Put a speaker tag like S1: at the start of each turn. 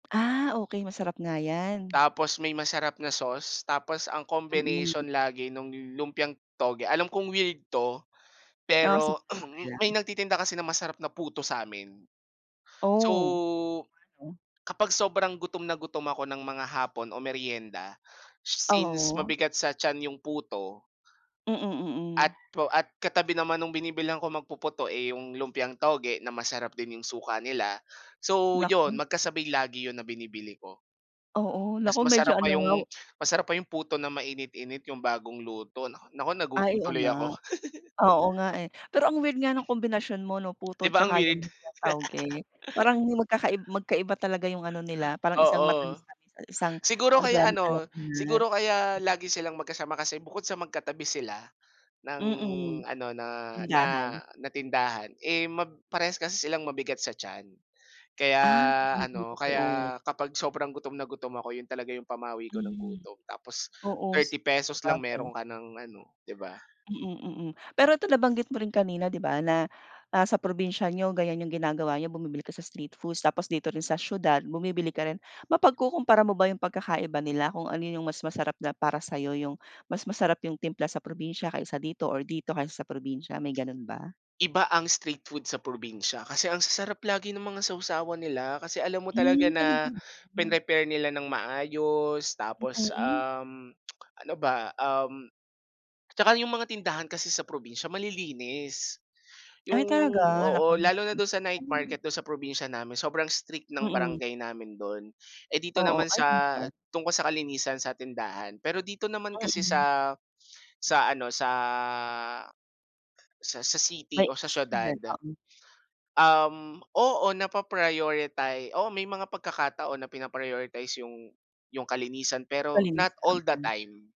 S1: Ah okey, masarap nga 'yan.
S2: Tapos may masarap na sauce, tapos ang combination
S1: Mm.
S2: lagi nung lumpiang toge alam kong weird 'to,
S1: Oh sige,
S2: pero
S1: okey
S2: may
S1: lang.
S2: nagtitinda kasi ng masarap na puto sa'min.
S1: Oh.
S2: So,
S1: [unintelligible]
S2: kapag sobrang gutom na gutom ako ng mga hapon o meryenda since
S1: Oo.
S2: mabigat sa tiyan yung puto
S1: Mm, mm.
S2: at pro at katabi naman nung binibilhan kong magpuputo, eh, yung lumpiang toge na masarap din yung suka nila, so 'yon
S1: Naku.
S2: magkasabay lagi 'yon na binibili ko.
S1: Oo,
S2: Mas
S1: naku medyo
S2: masarap pa
S1: ano nga
S2: yung masarap pa yung puto na mainit-init yung bagong luto naku naku
S1: Ay,
S2: nagutom
S1: oo
S2: tuloy
S1: nga,
S2: ako.
S1: oo nga eh. Pero ang weird nga ng kombinasyon mo 'no,
S2: 'Di
S1: puto
S2: ba ang
S1: tsaka
S2: weird?
S1: lumpiang toge, parang hindi magkakai magkaiba talaga yung ano nila, parang isang
S2: Oo.
S1: matamis-tamis at isang
S2: Siguro
S1: ano ba
S2: kaya
S1: 'yan,
S2: ano,
S1: maalat-alat.
S2: siguro kaya
S1: Mm.
S2: lagi silang magkasama kasi bukod sa magkatabi sila ng
S1: Mm,
S2: ano, na na
S1: tindahan.
S2: na tindahan, eh, ma parehas kasi silang mabigat sa tiyan. Kaya
S1: Ah, hindi
S2: ano,
S1: totoo.
S2: kaya kapag sobrang gutom na gutom ako 'yon talaga 'yong pamawi ko ng
S1: Mm,
S2: gutom tapos
S1: oo-s
S2: ₱30 lang
S1: sabagay.
S2: mayro'n ka ng ano, 'di ba?
S1: Mm, mm pero 'to nabanggit mo rin kanina 'di ba na, ah, sa probinsya niyo ganyan yung ginagawa niyo bumibili kayo sa street foods tapos dito rin sa siyudad bumibili ka rin, mapagkukumpara mo ba yung pagkakaiba nila kung ano yung mas masarap na para sa'yo yung, mas masarap yung timpla sa probinsya kaysa dito or dito kaysa sa probinsya, may gano'n ba?
S2: Iba ang street food sa probinsya, kasi ang sasarap lagi ng mga sawsawan nila kasi alam mo talaga
S1: Hmm, talaga
S2: na
S1: ba?
S2: pinrepare nila nang maayos tapos
S1: Mm.
S2: um, ano ba, um 'Tsaka yung mga tindahan kasi sa probinsya malilinis, yung
S1: Ay talaga, naku.
S2: oo, lalo na do'n sa night market
S1: [unintelligible]
S2: do'n sa probinsya namin sobrang strict ng
S1: Mm.
S2: barangay namin don. Eh, dito
S1: Oo,
S2: naman
S1: ay
S2: sa
S1: talaga?
S2: tungkol sa kalinisan sa tindahan, pero dito naman kasi
S1: Mm.
S2: sa sa ano sa sa sa city
S1: May
S2: o sa siyudad,
S1: signal oo.
S2: um, oo napaprioriti oo, may mga pagkakataon na pina-prioritize yung yung kalinisan pero not
S1: Kalinisan.
S2: all the
S1: Mm.
S2: time.